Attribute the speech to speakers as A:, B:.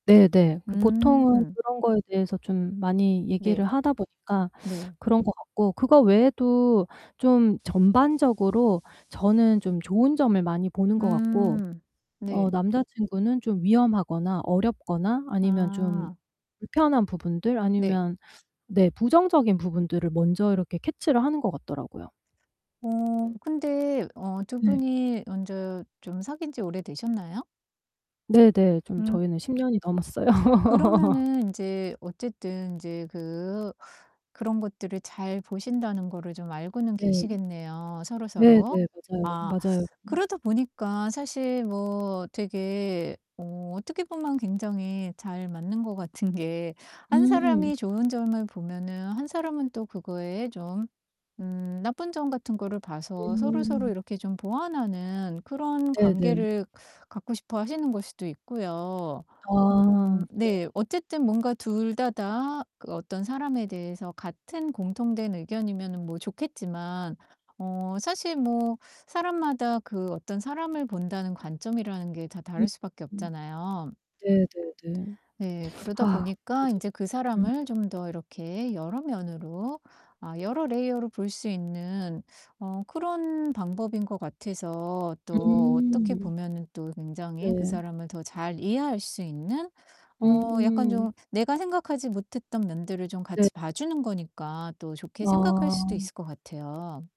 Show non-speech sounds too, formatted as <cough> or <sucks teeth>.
A: 네네. 그 보통은
B: 음.
A: 그런 거에 대해서 좀 많이 얘기를
B: 네.
A: 하다 보니까
B: 네.
A: 그런 것 같고 그거 외에도 좀 전반적으로 저는 좀 좋은 점을 많이 보는 것 같고
B: 음
A: 어
B: 네.
A: 남자친구는 좀 위험하거나 어렵거나 아니면 좀
B: 아.
A: 불편한 부분들
B: 네.
A: 아니면 네 부정적인 부분들을 먼저 이렇게 캐치를 하는 것 같더라고요.
B: 어 근데 어 두
A: 네.
B: 분이 먼저 좀 사귄지 오래 되셨나요?
A: 네네. 좀
B: 음.
A: 저희는 10 년이 넘었어요. <laughs>
B: 그러면은 인제 어쨌든 인제 그 그런 것들을 잘 보신다는 거를 좀 알고는
A: 네.
B: 계시겠네요
A: 네네.
B: 서로서로.
A: 맞아요,
B: 아
A: 맞아요. 음.
B: 그러다 보니까 사실 뭐 되게 어 어떻게 보면 굉장히 잘 맞는 것 같은 게 한
A: 음.
B: 사람이 좋은 점을 보면은 한 사람은 또 그거에 좀 음 나쁜 점 같은 거를 봐서 서로서로
A: 음.
B: 이렇게 좀 보완하는 그런
A: 네네.
B: 관계를 갖고 싶어 하시는 걸 수도 있고요. 음
A: 아 네.
B: 네 어쨌든 뭔가 둘 다 다 그 어떤 사람에 대해서 같은 공통된 의견이면은 뭐 좋겠지만 어 사실 뭐 사람마다 그 어떤 사람을 본다는 관점이라는 게 다 다를 수밖에
A: 음.
B: 없잖아요.
A: 네네네.
B: 네,
A: <sucks teeth> 아
B: 그러다 보니까
A: 맞아요.
B: 인제 그
A: 음.
B: 사람을 좀 더 이렇게 여러 면으로 아 여러 layer로 볼 수 있는 어 그런 방법인 것 같아서 또 어떻게
A: 음.
B: 보면은 또 굉장히 그
A: 네.
B: 사람을 더 잘 이해할 수 있는, 어 약간
A: 음.
B: 좀 내가 생각하지 못했던 면들을 좀
A: 네.
B: 같이 봐 주는 거니까 또 좋게 생각할 수도
A: 아.
B: 있을 것 같아요.